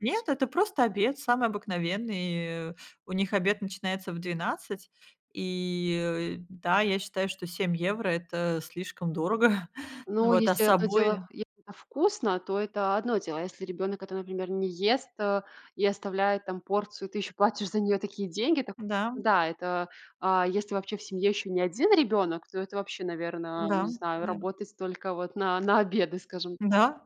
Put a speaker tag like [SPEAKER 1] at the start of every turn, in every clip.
[SPEAKER 1] Нет, это просто обед самый обыкновенный, и У них обед начинается в 12, и, э, да, я считаю, что 7 евро- это слишком дорого, н
[SPEAKER 2] Ну,
[SPEAKER 1] вот, а
[SPEAKER 2] если
[SPEAKER 1] с
[SPEAKER 2] одно дело,
[SPEAKER 1] собой
[SPEAKER 2] если это вкусно, то это одно дело. А если ребёнок это, например, не ест, э, и оставляет там порцию, и ты ещё платишь за неё такие деньги, так,
[SPEAKER 1] Да.
[SPEAKER 2] да, это А если вообще в семье ещё не 1 ребёнок, то это вообще, наверно, я не
[SPEAKER 1] Да,
[SPEAKER 2] знаю,
[SPEAKER 1] да.
[SPEAKER 2] работать только вот на на обеды, скажем так.
[SPEAKER 1] Да,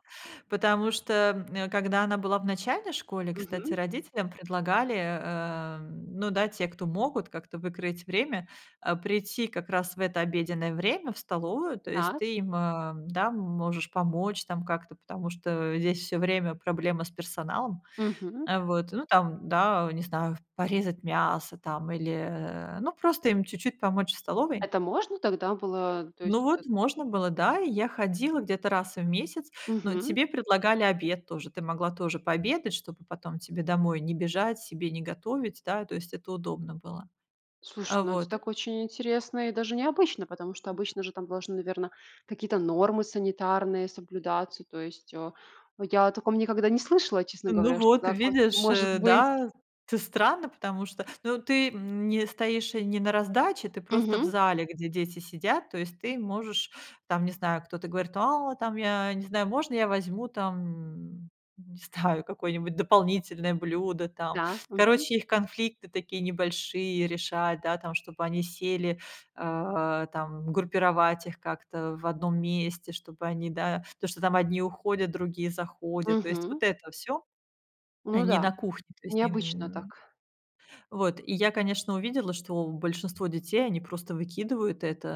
[SPEAKER 1] потому что, м, когда она была в начальной школе, кстати,
[SPEAKER 2] Мгм.
[SPEAKER 1] родителям предлагали, э, м, ну да, те, кто могут, как-то выкроить время, а, прийти как раз в это обеденное время в столовую. То есть
[SPEAKER 2] Так.
[SPEAKER 1] ты им, эм, да, можешь помочь там как-то, потому что здесь всё время проблемы с персоналом,
[SPEAKER 2] Мгм.
[SPEAKER 1] а, вот, ну, там, да, не знаю, в порезать мясо там или, э, ну, просто им чуть-чуть помочь в столовой.
[SPEAKER 2] Это можно так, да, было? То
[SPEAKER 1] Ну,
[SPEAKER 2] есть это
[SPEAKER 1] вот, можно было, да, и я ходила где-то раз в месяц, но
[SPEAKER 2] Мгм.
[SPEAKER 1] тебе предлагали обед тоже, ты могла тоже пообедать, чтобы потом тебе домой не бежать, себе не готовить, да, то есть это удобно было.
[SPEAKER 2] Слушай,
[SPEAKER 1] А,
[SPEAKER 2] ну, это
[SPEAKER 1] вот
[SPEAKER 2] так очень интересно и даже необычно, потому что обычно же там должны, наверно, какие-то нормы санитарные соблюдаться. То есть, а, я о таком никогда не слышала, честно
[SPEAKER 1] Ну
[SPEAKER 2] говоря, что
[SPEAKER 1] вот,
[SPEAKER 2] так воз
[SPEAKER 1] видишь,
[SPEAKER 2] может
[SPEAKER 1] э,
[SPEAKER 2] быть.
[SPEAKER 1] да, т странно, потому что, ну, ты, м, не стоишь не на раздаче, ты просто в
[SPEAKER 2] Мгм.
[SPEAKER 1] зале, где дети сидят, то есть ты можешь там, не знаю, кто-то говорит, а, там, я не знаю, можно я возьму там, не знаю, какое-нибудь дополнительное блюдо там?
[SPEAKER 2] Да, мгм.
[SPEAKER 1] Короче, их конфликты такие небольшие решать, да, там, чтобы они сели, а, там группировать их как-то в одном месте, чтобы они, да, то, что там одни уходят, другие заходят, то есть
[SPEAKER 2] Мгм.
[SPEAKER 1] вот это всё.
[SPEAKER 2] Ну
[SPEAKER 1] Они
[SPEAKER 2] да,
[SPEAKER 1] на кухне, то есть не,
[SPEAKER 2] необычно
[SPEAKER 1] м
[SPEAKER 2] так.
[SPEAKER 1] Вот, и я, конечно, увидела, что большинство детей, они просто выкидывают это,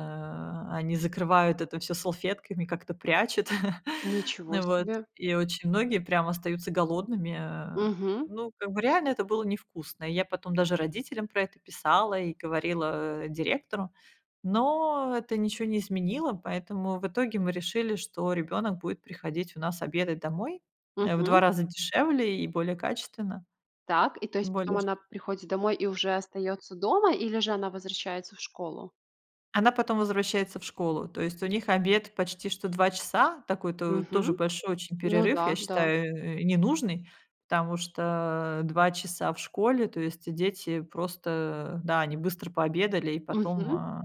[SPEAKER 1] а, они закрывают это всё салфетками, как-то прячут, и
[SPEAKER 2] Ничего
[SPEAKER 1] вот,
[SPEAKER 2] себе.
[SPEAKER 1] и очень многие прям остаются голодными. Э,
[SPEAKER 2] Мгм.
[SPEAKER 1] ну, как бы реально это было невкусно. И я потом даже родителям про это писала и говорила директору, но это ничего не изменило, поэтому в итоге мы решили, что ребёнок будет приходить у нас обедать домой. Э, в 2
[SPEAKER 2] Мгм.
[SPEAKER 1] раза дешевле и более качественно.
[SPEAKER 2] Так, и то есть потом
[SPEAKER 1] Более шт
[SPEAKER 2] она приходит домой и уже остаётся дома или же она возвращается в школу?
[SPEAKER 1] Она потом возвращается в школу, то есть у них обед почти что 2 часа, такой то тоже
[SPEAKER 2] Мгм.
[SPEAKER 1] большой очень
[SPEAKER 2] Ну
[SPEAKER 1] перерыв,
[SPEAKER 2] да,
[SPEAKER 1] я
[SPEAKER 2] да.
[SPEAKER 1] считаю, э, ненужный, потому что 2 часа в школе, то есть дети просто, да, они быстро пообедали, и потом,
[SPEAKER 2] Мгм.
[SPEAKER 1] а,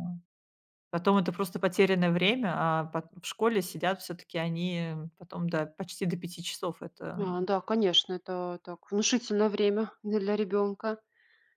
[SPEAKER 1] потом это просто потерянное время, а пот в школе сидят всё-таки они потом до, почти до 5 часов, это
[SPEAKER 2] А, да, конечно, это так внушительно время для ребёнка.